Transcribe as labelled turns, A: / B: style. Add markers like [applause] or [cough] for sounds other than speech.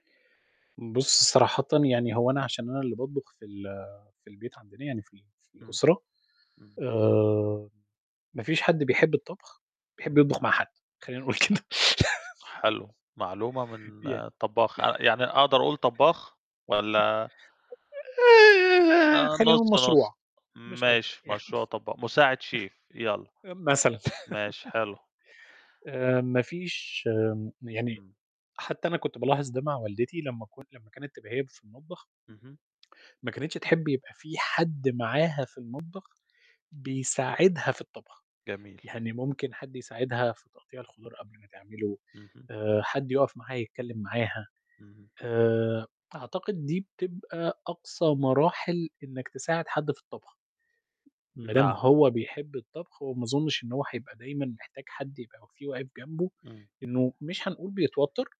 A: بُصّ صراحةً يعني هو أنا عشان أنا اللي باطبخ في ال في البيت عندنا، يعني في ال في
B: إمم.
A: الأسرة،
B: إمم.
A: آآ، ما فيش حد بيحب الطبخ بيحب
B: إمم.
A: يطبخ مع حد، خلّينا نقول كده [chuckles]
B: حلو، معلومة من
A: يع
B: طباخ، ع يعني أقدر أقول طباخ والّا؟ آه
A: خلّينا نقول
B: نُص، نُص،
A: مشروع، مش أكتر
B: ماشي،
A: يعني.
B: مشروع طبا مساعد شيف يلّا.
A: مثلًا.
B: ماشي
A: [chuckles]
B: حلو.
A: آآ ما فيش آمم، يعني
B: إمم.
A: حتّى أنا كنت بالاحظ ده مع والدتي لمّا ك لمّا كانت تبقى هي اللي في المطبخ
B: اهم،
A: ما كانتش تحبي يبقى في حد معاها في المطبخ بيساعدها في الطبخ،
B: جميل.
A: يعني ممكن حد يساعدها في تقطيع الخضار قبل ما تعمله،
B: اهم.
A: آآ، حد يُقَف معاها يتكلّم معاها.
B: اهم.
A: آآ، أعتقد دي بتبقى أقصى مراحل إنك تساعد حد في الطبخ. ما دام
B: نعم.
A: هو بيحب الطبخ وما أظنش إن هو حيبقى دايمًا محتاج حد يبقى في واقف جنبه،
B: إمم.
A: إنه مش هنقول بيتوتّر